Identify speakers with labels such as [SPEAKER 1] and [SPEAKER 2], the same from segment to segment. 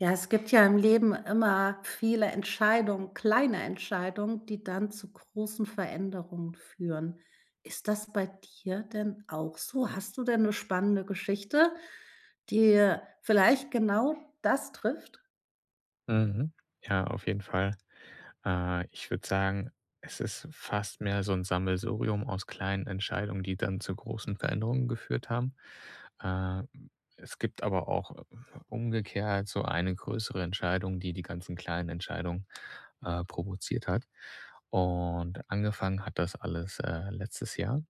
[SPEAKER 1] Ja, es gibt ja im Leben immer viele Entscheidungen, kleine Entscheidungen, die dann zu großen Veränderungen führen. Ist das bei dir denn auch so? Hast du denn 'ne spannende Geschichte, die vielleicht genau das trifft?
[SPEAKER 2] Mhm. Ja, auf jeden Fall, äh, ich würde sagen, es ist fast mehr so 'n Sammelsurium aus kleinen Entscheidungen, die dann zu großen Veränderungen geführt haben. Äh, es gibt aber auch umgekehrt so eine größere Entscheidung, die, die ganzen kleinen Entscheidungen, äh, provoziert hat. Und, angefangen hat das alles, äh, letztes Jahr.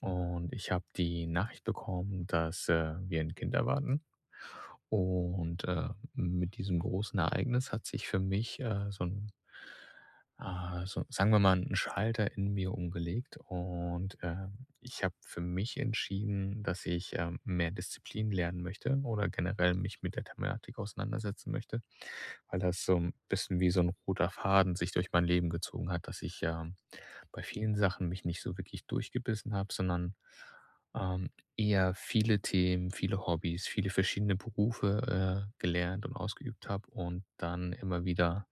[SPEAKER 2] Und ich habe die Nachricht bekommen, dass, äh, wir 'n Kind erwarten. Und, äh, mit diesem großen Ereignis hat sich für mich, äh, so 'n äh, so sagen wir mal, 'n Schalter in mir umgelegt. Und, ähm, ich habe für mich entschieden, dass ich, ähm, mehr Disziplin lernen möchte oder generell mich mit der Thematik auseinandersetzen möchte, weil das so 'n bisschen wie so 'n roter Faden sich durch mein Leben gezogen hat. Dass ich, ähm, bei vielen Sachen mich nicht so wirklich durchgebissen habe, sondern, ähm, eher viele Themen, viele Hobbys, viele verschiedene Berufe, äh, gelernt und ausgeübt habe und dann immer wieder,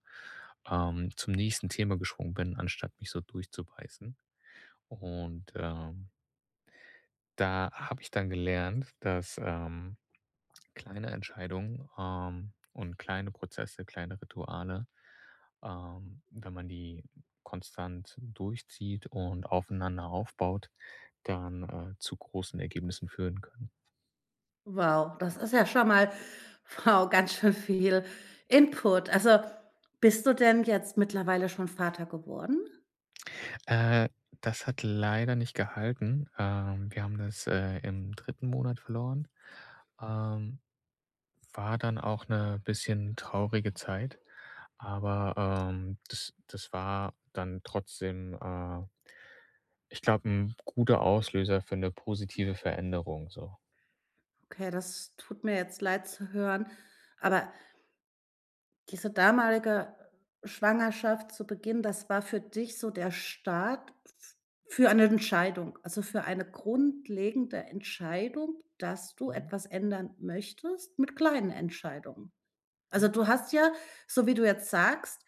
[SPEAKER 2] ähm, zum nächsten Thema geschwungen bin, anstatt mich so durchzubeißen. Und, ähm da habe ich dann gelernt, dass, ähm, kleine Entscheidungen, ähm, und kleine Prozesse, kleine Rituale, ähm, wenn man die konstant durchzieht und aufeinander aufbaut, dann, äh, zu großen Ergebnissen führen können.
[SPEAKER 1] Wow, das ist ja schon mal wow, ganz schön viel Input. Also, bist du denn jetzt mittlerweile schon Vater geworden?
[SPEAKER 2] Äh, das hat leider nicht gehalten, ähm. Wir haben das, äh, im 3. Monat verloren, ähm. War dann auch 'ne bisschen traurige Zeit, aber, ähm, das das war dann trotzdem, äh ich glaube, 'n guter Auslöser für 'ne positive Veränderung, so.
[SPEAKER 1] Okay, das tut mir jetzt leid zu hören. Aber diese damalige Schwangerschaft zu Beginn, das war für dich so der Start f für eine Entscheidung, also für eine grundlegende Entscheidung, dass du
[SPEAKER 2] Mhm.
[SPEAKER 1] etwas ändern möchtest mit kleinen Entscheidungen. Also,
[SPEAKER 2] Ja.
[SPEAKER 1] du hast ja, so wie du jetzt sagst,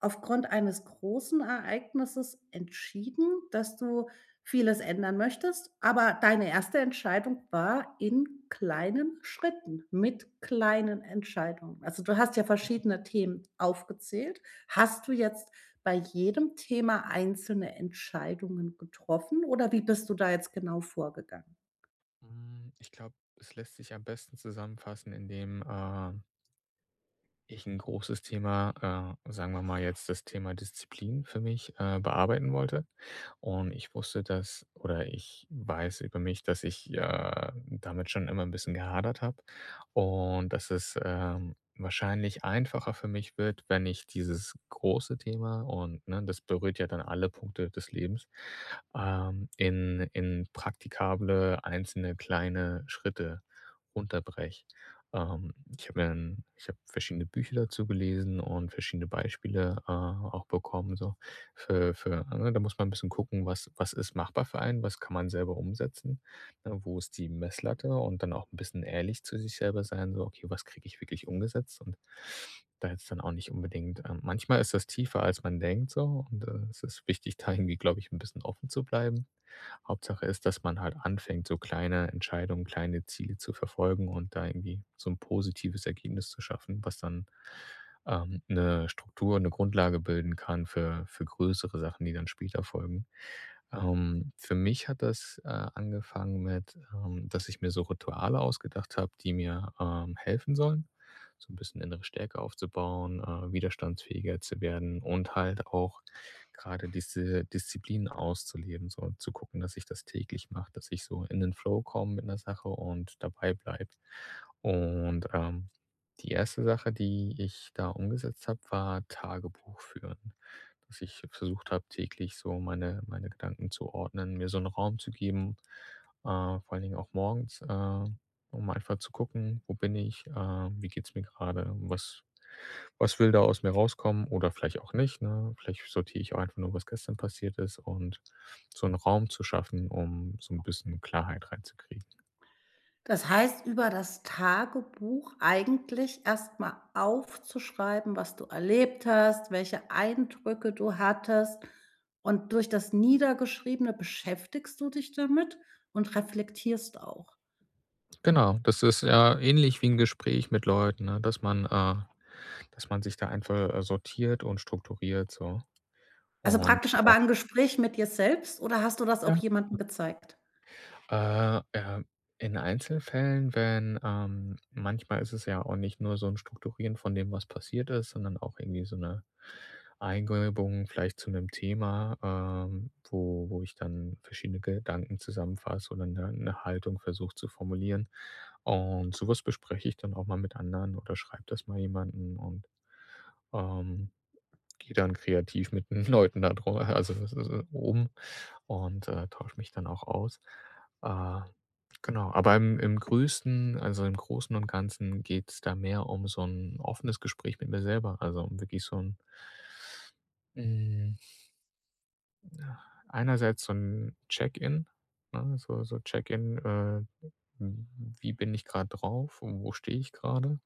[SPEAKER 1] aufgrund eines großen Ereignisses entschieden, dass du vieles ändern möchtest, aber deine 1. Entscheidung war in kleinen Schritten mit kleinen Entscheidungen. Also, du hast ja
[SPEAKER 2] [unintelligible]
[SPEAKER 1] verschiedene Themen aufgezählt. Hast du jetzt bei jedem Thema einzelne Entscheidungen getroffen oder wie bist du da jetzt genau vorgegangen?
[SPEAKER 2] Hm, ich glaube, es lässt sich am besten zusammenfassen, indem, äh ich 'n großes Thema, äh, sagen wir mal jetzt das Thema Disziplin für mich, äh, bearbeiten wollte. Und ich wusste, dass oder ich weiß über mich, dass ich ja damit schon immer 'n bisschen gehadert habe und dass es, ähm, wahrscheinlich einfacher für mich wird, wenn ich dieses große Thema und ne, das berührt ja dann alle Punkte des Lebens, ähm, in in praktikable einzelne kleine Schritte unterbreche. Ähm, ich habe mir 'n ich habe verschiedene Bücher dazu gelesen und verschiedene Beispiele, äh, auch bekommen so für für ne, da muss man 'n bisschen gucken, was was ist machbar für einen? Was kann man selber umsetzen? Ne, wo ist die Messlatte? Und dann auch 'n bisschen ehrlich zu sich selber sein, so: „Okay, was kriege ich wirklich umgesetzt?“ Und da hätte es dann auch nicht unbedingt ähm, manchmal ist das tiefer, als man denkt so. Und, äh, es ist wichtig, da irgendwie, glaube ich, 'n bisschen offen zu bleiben. Hauptsache ist, dass man halt anfängt, so kleine Entscheidungen, kleine Ziele zu verfolgen und da irgendwie so 'n positives Ergebnis zu schaffen, was dann, ähm, 'ne Struktur, 'ne Grundlage bilden kann für für größere Sachen, die dann später folgen. Ähm, für mich hat das, äh, angefangen mit, ähm, dass ich mir so Rituale ausgedacht habe, die mir, ähm, helfen sollen. So 'n bisschen innere Stärke aufzubauen, äh, widerstandsfähiger zu werden und halt auch grade diese Disziplin auszuleben, so um zu gucken, dass ich das täglich mache, dass ich so in den Flow komme mit 'ner Sache und dabei bleibe. Und, ähm, die 1. Sache, die ich da umgesetzt habe, war Tagebuch führen. Dass ich versucht habe, täglich so meine meine Gedanken zu ordnen, mir so 'n Raum zu geben, äh, vor allen Dingen auch morgens, ähm, um einfach zu gucken: „Wo bin ich?“, äh: „Wie geht's mir grade? Was was will da aus mir rauskommen? Oder vielleicht auch nicht, ne?“ Vielleicht sortiere ich auch einfach nur, was gestern passiert ist und so 'n Raum zu schaffen, um so 'n bisschen Klarheit reinzukriegen.
[SPEAKER 1] Das heißt, über das Tagebuch eigentlich erst mal aufzuschreiben, was du erlebt hast, welche Eindrücke du hattest. Und durch das Niedergeschriebene beschäftigst du dich damit und reflektierst auch.
[SPEAKER 2] Genau, das ist ja ähnlich wie 'n Gespräch mit Leuten, ne, dass man, äh, dass man sich da einfach, äh, sortiert und strukturiert so.
[SPEAKER 1] Also
[SPEAKER 2] Und
[SPEAKER 1] praktisch aber
[SPEAKER 2] genau.
[SPEAKER 1] ein Gespräch mit dir selbst oder hast du das
[SPEAKER 2] Ja,
[SPEAKER 1] auch
[SPEAKER 2] genau.
[SPEAKER 1] jemanden gezeigt?
[SPEAKER 2] Äh, ähm, in Einzelfällen, wenn, ähm manchmal ist es ja auch nicht nur so 'n Strukturieren von dem, was passiert ist, sondern auch irgendwie so 'ne Eingebung vielleicht zu 'nem Thema, ähm, wo wo ich dann verschiedene Gedanken zusammenfasse oder 'ne ne Haltung versuche zu formulieren. Und so was bespreche ich dann auch mal mit anderen oder schreibe das mal jemanden und, ähm, gehe dann kreativ mit 'n Leuten da drüber also, das ist äh, um und, äh, tausche mich dann auch aus. Äh, genau. Aber im im Größten, also im Großen und Ganzen geht's da mehr um so 'n offenes Gespräch mit mir selber, also wirklich so 'n Hm. Na, einerseits so 'n Check-in, ne, so so Check-in, äh, w wie bin ich grade drauf und wo stehe ich grade?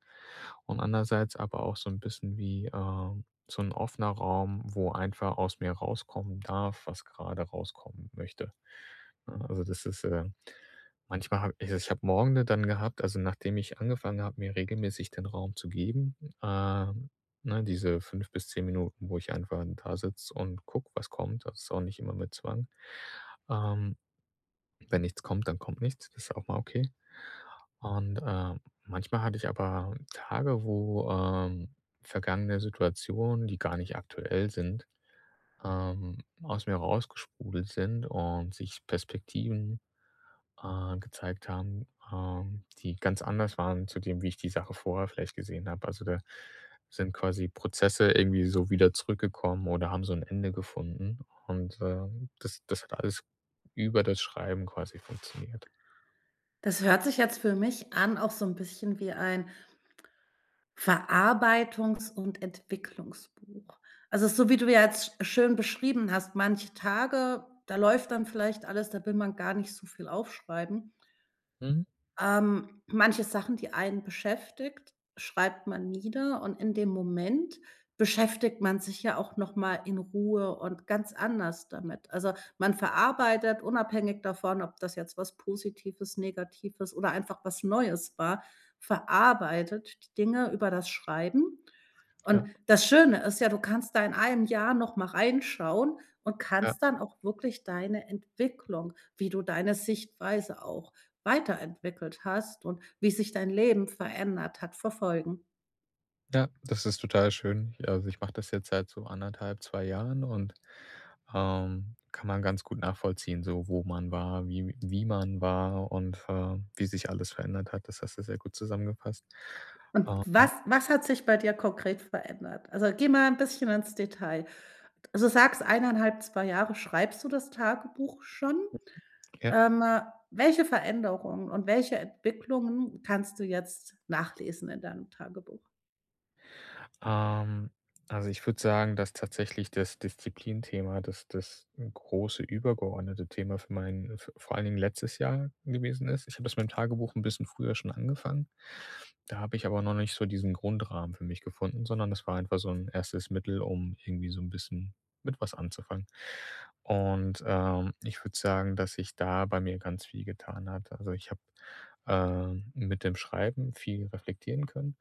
[SPEAKER 2] Und andererseits aber auch so 'n bisschen wie, äh, so 'n offener Raum, wo einfach aus mir rauskommen darf, was grade rauskommen möchte, ne? Also, das ist, äh manchmal habe ich ich ich habe Morgende dann gehabt, also nachdem ich angefangen habe, mir regelmäßig den Raum zu geben, ähm, ne, diese 5 bis 10 Minuten, wo ich einfach 'n dasitze und gucke, was kommt. Das ist auch nicht immer mit Zwang. Ähm, wenn nichts kommt, dann kommt nichts, das ist auch mal okay und, äh, manchmal hatte ich aber Tage wo, ähm, vergangene Situationen, die gar nicht aktuell sind, ähm, aus mir raus gesprudelt sind und sich Perspektiven, äh, gezeigt haben, ähm, die ganz anders waren zu dem, wie ich die Sache vorher vielleicht gesehen habe. Also, da sind quasi Prozesse irgendwie so wieder zurückgekommen oder haben so 'n Ende gefunden. Und, ähm, das das hat alles über das Schreiben quasi funktioniert.
[SPEAKER 1] Das hört sich jetzt für mich an auch so 'n bisschen wie ein Verarbeitungs und Entwicklungsbuch. Also so, wie du ja jetzt schön beschrieben hast, manche Tage, da läuft dann vielleicht alles, da will man gar nicht so viel aufschreiben.
[SPEAKER 2] Mhm.
[SPEAKER 1] Ähm, manche Sachen, die einen beschäftigt, schreibt man nieder und in dem Moment beschäftigt man sich ja auch noch mal in Ruhe und ganz anders damit. Also, man verarbeitet unabhängig davon, ob das jetzt was Positives, Negatives oder einfach was Neues war, verarbeitet die Dinge über das Schreiben. Und
[SPEAKER 2] Ja.
[SPEAKER 1] das Schöne ist ja, du kannst da in 1 Jahr noch mal reinschauen und
[SPEAKER 2] Ja.
[SPEAKER 1] kannst dann auch wirklich deine Entwicklung, wie du deine Sichtweise auch weiterentwickelt hast und wie sich dein Leben verändert hat, verfolgen.
[SPEAKER 2] Ja, das ist total schön. Ja, also ich mache das jetzt seit so 1 1/2, 2 Jahren und, ähm, kann man ganz gut nachvollziehen, so wo man war, wie wie man war und, äh, wie sich alles verändert hat. Das hast du sehr gut zusammengefasst.
[SPEAKER 1] Und
[SPEAKER 2] Ähm.
[SPEAKER 1] was was hat sich bei dir konkret verändert? Also, geh mal 'n bisschen ins Detail. Also, du sagst, 1 1/2, 2 Jahre schreibst du das Tagebuch schon.
[SPEAKER 2] [unintelligible] Ja.
[SPEAKER 1] Ähm, welche Veränderungen und welche Entwicklungen kannst du jetzt nachlesen in deinem Tagebuch?
[SPEAKER 2] Ähm, also, ich würde sagen, dass tatsächlich das Disziplinthema, das das große übergeordnete Thema für meinen v vor allen Dingen letztes Jahr gewesen ist. Ich habe das mit dem Tagebuch 'n bisschen früher schon angefangen. Da habe ich aber noch nicht so diesen Grundrahmen für mich gefunden, sondern das war einfach so 'n erstes Mittel, um irgendwie so 'n bisschen mit was anzufangen. Und, ähm, ich würde sagen, dass sich da bei mir ganz viel getan hat. Also, ich habe, ähm, mit dem Schreiben viel reflektieren können.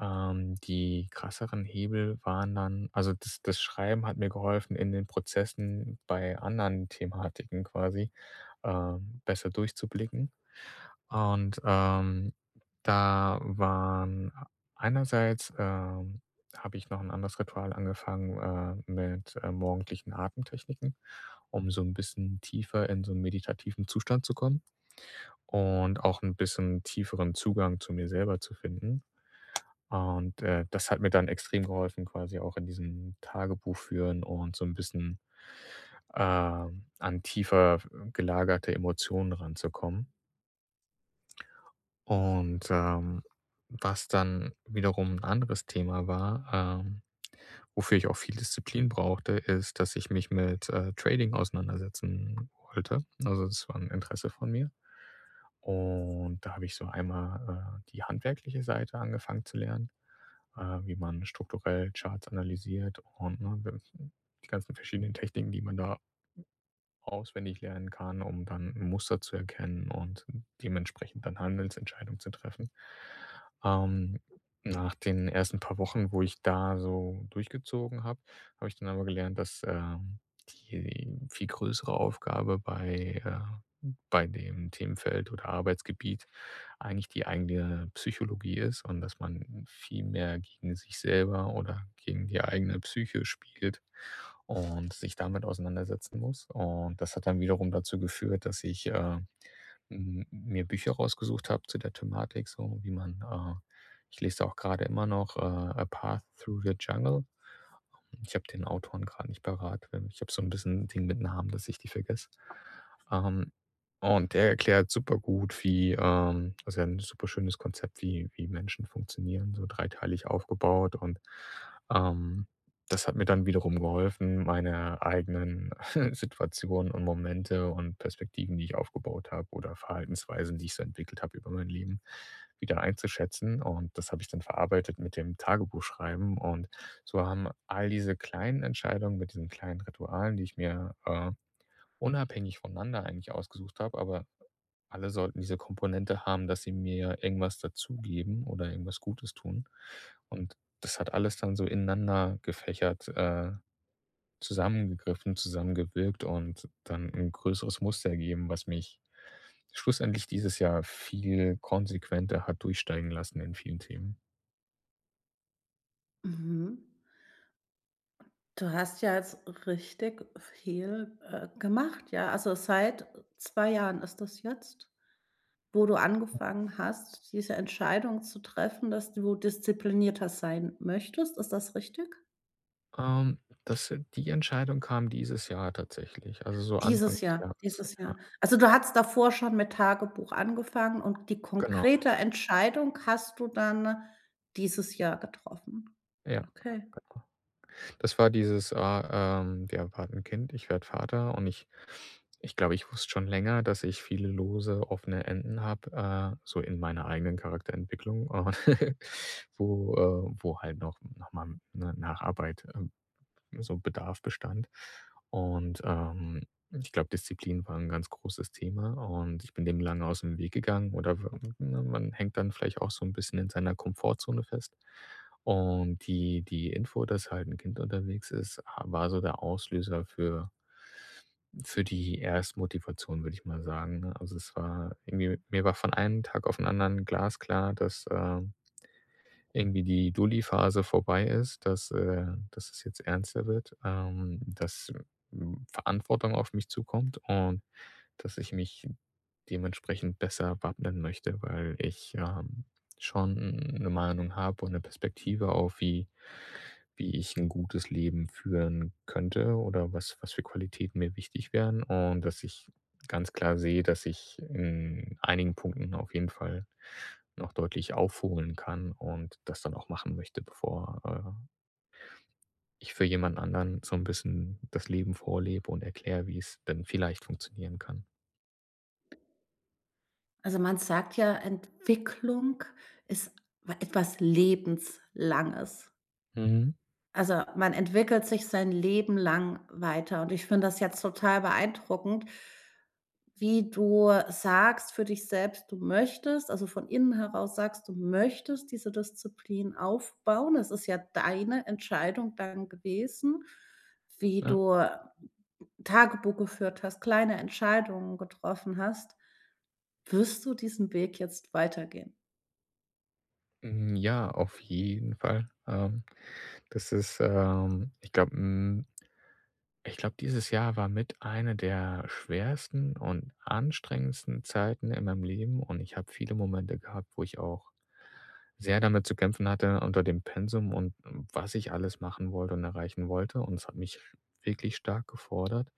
[SPEAKER 2] Ähm, die krasseren Hebel waren dann also das das Schreiben hat mir geholfen, in den Prozessen bei anderen Thematiken quasi, ähm, besser durchzublicken. Und, ähm, da waren einerseits, ähm, habe ich noch 'n anderes Ritual angefangen, äh, mit, äh, morgendlichen Atemtechniken, um so 'n bisschen tiefer in so 'nen meditativen Zustand zu kommen und auch 'n bisschen tieferen Zugang zu mir selber zu finden. Und, äh, das hat mir dann extrem geholfen quasi auch in diesem Tagebuch führen und so 'n bisschen, ähm, an tiefer gelagerte Emotionen ranzukommen. Und, ähm, was dann wiederum 'n anderes Thema war, ähm, wofür ich auch viel Disziplin brauchte, ist, dass ich mich mit, äh, Trading auseinandersetzen wollte. Also, das war 'n Interesse von mir. Und da habe ich so einmal, äh, die handwerkliche Seite angefangen zu lernen, äh, wie man strukturell Charts analysiert und ne, [unintelligible] die ganzen verschiedenen Techniken, die man da auswendig lernen kann, um dann Muster zu erkennen und dementsprechend dann Handelsentscheidungen zu treffen. Ähm, nach den ersten paar Wochen, wo ich da so durchgezogen habe, habe ich dann aber gelernt, dass, ähm, die viel größere Aufgabe bei, äh bei dem Themenfeld oder Arbeitsgebiet eigentlich die eigene Psychologie ist und dass man viel mehr gegen sich selber oder gegen die eigene Psyche spielt und sich damit auseinandersetzen muss. Und das hat dann wiederum dazu geführt, dass ich, äh, mm, mir Bücher rausgesucht habe zu der Thematik, so wie man, äh ich lese da auch grade immer noch, äh, „A Path through the Jungle“. Und ich habe den Autoren grad nicht parat. Ähm, ich habe so 'n bisschen den mit Namen, dass ich die vergesse. Ähm, und der erklärt super gut, wie, ähm also, ja 'n super schönes Konzept, wie wie Menschen funktionieren, so dreiteilig aufgebaut. Und, ähm, das hat mir dann wiederum geholfen, meine eigenen Situationen und Momente und Perspektiven, die ich aufgebaut habe oder Verhaltensweisen, die ich so entwickelt habe über mein Leben, wieder einzuschätzen. Und das habe ich dann verarbeitet mit dem Tagebuch schreiben. Und so haben all diese kleinen Entscheidungen mit diesen kleinen Ritualen, die ich mir, äh, unabhängig voneinander eigentlich ausgesucht habe, aber alle sollten diese Komponente haben, dass sie mir irgendwas dazugeben oder irgendwas Gutes tun. Und das hat alles dann so ineinander gefächert, äh, zusammengegriffen, zusammengewirkt und dann 'n größeres Muster ergeben, was mich schlussendlich dieses Jahr viel konsequenter hat durchsteigen lassen in vielen Themen.
[SPEAKER 1] Mhm. Du hast ja jetzt richtig viel, äh, gemacht, ja. Also seit 2 Jahren ist das jetzt, wo du angefangen hast, diese Entscheidung zu treffen, dass du disziplinierter sein möchtest. Ist das richtig?
[SPEAKER 2] Ähm, das sind die Entscheidung kam dieses Jahr tatsächlich, also so Anfang
[SPEAKER 1] Dieses
[SPEAKER 2] des
[SPEAKER 1] Jahr,
[SPEAKER 2] Jahres,
[SPEAKER 1] dieses
[SPEAKER 2] ja.
[SPEAKER 1] Jahr. Also, du hattest davor schon mit Tagebuch angefangen, und die
[SPEAKER 2] Genau.
[SPEAKER 1] konkrete Entscheidung hast du dann dieses Jahr getroffen?
[SPEAKER 2] Ja.
[SPEAKER 1] Okay.
[SPEAKER 2] Genau. Das war dieses, äh, ähm wir erwarten 'n Kind, ich werde Vater und ich ich glaube, ich wusste schon länger, dass ich viele lose, offene Enden habe, äh, so in meiner eigenen Charakterentwicklung, und, wo, äh wo halt noch noch mal 'ne Nacharbeit, ähm so Bedarf bestand. Und, ähm, ich glaube, Disziplin war 'n ganz großes Thema. Und ich bin dem lange ausm Weg gegangen oder we ne, man hängt dann vielleicht auch so 'n bisschen in seiner Komfortzone fest. Und die die Info, dass halt 'n Kind unterwegs ist, äh, war so der Auslöser für für die Erstmotivation, würde ich mal sagen, ne? Also, es war irgendwie mir war von einem Tag auf 'n anderen glasklar, dass, ähm irgendwie die Dulli-Phase vorbei ist, dass äh, dass es jetzt ernster wird, ähm, dass, hm, Verantwortung auf mich zukommt und, dass ich mich dementsprechend besser wappnen möchte, weil ich, ähm, schon 'ne Meinung habe und 'ne Perspektive auf, wie wie ich 'n gutes Leben führen könnte oder was was für Qualitäten mir wichtig wären. Und, dass ich ganz klar sehe, dass ich in einigen Punkten auf jeden Fall noch deutlich aufholen kann und das dann auch machen möchte, bevor, äh ich für jemand anderen so 'n bisschen das Leben vorlebe und erkläre, wie es denn vielleicht funktionieren kann.
[SPEAKER 1] Also, man sagt ja, Entwicklung ist wa etwas Lebenslanges.
[SPEAKER 2] Mhm.
[SPEAKER 1] Also, man entwickelt sich sein Leben lang weiter und ich finde das jetzt total beeindruckend, wie du sagst für dich selbst, du möchtest also, von innen heraus sagst, du möchtest diese Disziplin aufbauen. Es ist ja deine Entscheidung dann gewesen, wie
[SPEAKER 2] Ja.
[SPEAKER 1] du, äh, Tagebuch geführt hast, kleine Entscheidungen getroffen hast, wirst du diesen Weg jetzt weitergehen?
[SPEAKER 2] Mm, ja auf jeden Fall, ähm. Das ist, ähm, ich glaube, mm ich glaube, dieses Jahr war mit eine der schwersten und anstrengendsten Zeiten in meinem Leben. Und ich habe viele Momente gehabt, wo ich auch sehr damit zu kämpfen hatte unter dem Pensum und was ich alles machen wollte und erreichen wollte. Und es hat mich sch wirklich stark gefordert.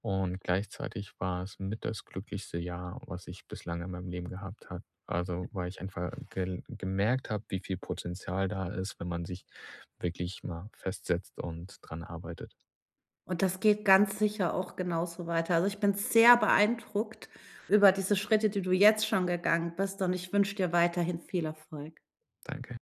[SPEAKER 2] Und gleichzeitig war es mit das glücklichste Jahr, was ich bislang in meinem Leben gehabt habe. Also, weil ich einfach gel gemerkt habe, wie viel Potenzial da ist, wenn man sich wirklich mal festsetzt und dran arbeitet.
[SPEAKER 1] Und das geht ganz sicher auch genauso weiter. Also ich bin sehr beeindruckt über diese Schritte, die du jetzt schon gegangen bist und ich wünsche dir weiterhin viel Erfolg.
[SPEAKER 2] Danke.